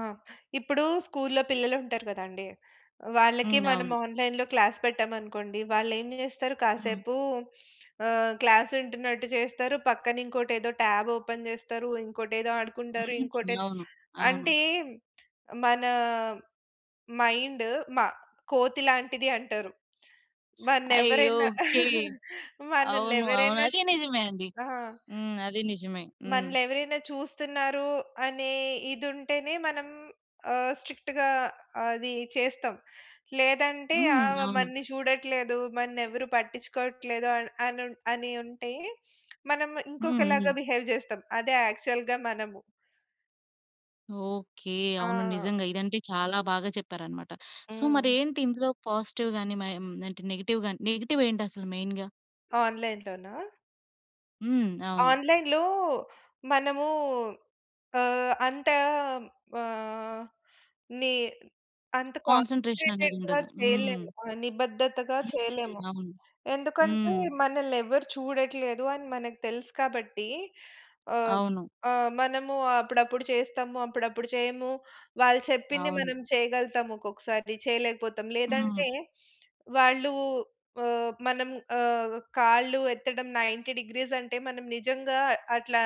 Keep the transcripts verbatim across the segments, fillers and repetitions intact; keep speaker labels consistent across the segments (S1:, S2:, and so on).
S1: ఆ! ఇప్పుడు స్కూల్లో పిల్లలు ఉంటారు కదండీ! వాళ్ళకి
S2: హ్మ్.
S1: మనం
S2: అవును.
S1: ఆన్‌లైన్‌లో క్లాస్ పెట్టామనుకోండి, వాళ్ళు ఏం చేస్తారు?
S2: హ్మ్.
S1: కాసేపు ఆహ్, క్లాస్ వింటున్నట్టు చేస్తారు, పక్కన ఇంకోటేదో టాబ్ ఓపెన్ చేస్తారు, ఇంకోటేదో ఆడుకుంటారు, ఇంకోటి
S2: [unintelligible] అవును. అవును.
S1: అంటే మన మైండ్ మ కోతి లాంటిది అంటారు. మన
S2: అయ్యో!
S1: ఎవరైనా
S2: ఓకే.
S1: మనల్ని
S2: అవును, అవును.
S1: ఎవరైనా
S2: అది నిజమే అండి.
S1: ఆ!
S2: హ్మ్. అది నిజమే హ్మ్.
S1: మనల్ని ఎవరైనా చూస్తున్నారు అనే ఇది ఉంటేనే, మనం ఆహ్, స్ట్రిక్ట్‌గా అది చేస్తాం. లేదంటే
S2: హ్మ్.
S1: ఆమె
S2: అవును.
S1: మనల్ని చూడట్లేదు. మనల్ని ఎవరు పట్టించుకోవట్లేదు అని అని ఉంటే మనం ఇంకొకలాగా
S2: హుహు.
S1: బిహేవ్ చేస్తాం. అదే యాక్చువల్‌గా మనము.
S2: ఓకే. అవును
S1: ఆ!
S2: నిజంగా. ఇదంటే చాలా బాగా చెప్పారన్నమాట. సో
S1: హ్మ్.
S2: మరేంటి ఇందులో పాజిటివ్ గాని, ఆహ్, అంటే నెగెటివ్‌ గాని, నెగెటివ్ ఏంటసలు మెయిన్‌గా?
S1: ఆన్‌లైన్‌లోనా?
S2: హ్మ్. అవును.
S1: ఆన్‌లైన్‌లో మనము ఆహ్, అంత ఆహ్, ని అంత
S2: కాన్సంట్రేషన్ అనేది
S1: కాన్సంట్రేటెడ్‌గా
S2: ఉండదు. హ్మ్.
S1: చేయలేము, నిబద్దతగా చేయలేము.
S2: అవునండి. అవును.
S1: ఎందుకంటే,
S2: హ్మ్.
S1: మనల్ని ఎవరు చూడట్లేదు అని మనకు తెలుసు కాబట్టి ఆహ్,
S2: అవును.
S1: ఆహ్, మనము అప్పుడప్పుడు చేస్తాము, అప్పుడప్పుడు చేయము. వాళ్ళు చెప్పింది
S2: అవును.
S1: మనం చేయగలుగుతాము ఒక్కొక్కసారి చేయలేకపోతాం.
S2: హ్మ్.
S1: లేదంటే వాళ్ళు ఆహ్, మనం ఆహ్, కాళ్ళు ఎత్తడం నైన్టీ డిగ్రీస్ అంటే మనం నిజంగా అట్లా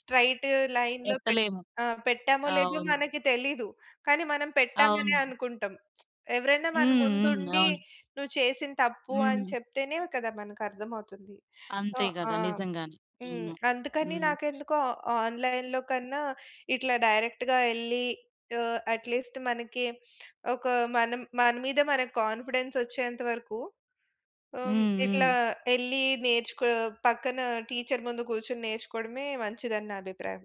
S1: స్ట్రెయిట్ లైన్‌లో పెట్
S2: ఎత్తలేము.
S1: ఆ! పెట్టామో లేదో
S2: అవును.
S1: మనకి తెలీదు. కానీ మనం పెట్టామనే
S2: అవును.
S1: అనుకుంటాం. ఎవరైనా మన
S2: హ్మ్. హ్మ్.
S1: ముందుండి
S2: అవును.
S1: "నువ్వు చేసింది తప్పు" అని
S2: హ్మ్.
S1: చెప్తేనే కదా! మనకర్థమవుతుంది.
S2: అంతే
S1: ఆ!
S2: కదా! నిజంగానే.
S1: హ్మ్.
S2: హ్మ్.
S1: అందుకని
S2: హ్మ్.
S1: నాకెందుకో ఆన్‌లైన్‌లో కన్నా ఇట్లా డైరెక్ట్‌గా వెళ్లి ఆహ్, అట్లీస్ట్ మనకి ఒక మన్ మన మీద మనకు కాన్ఫిడెన్స్ వచ్చేంత వరకు ఆహ్,
S2: హ్మ్.
S1: ఇట్లా
S2: హ్మ్.
S1: వెళ్ళి నేర్చుకో పక్కన టీచర్ ముందు కూర్చొని నేర్చుకోవడమే మంచిదని నా అభిప్రాయం.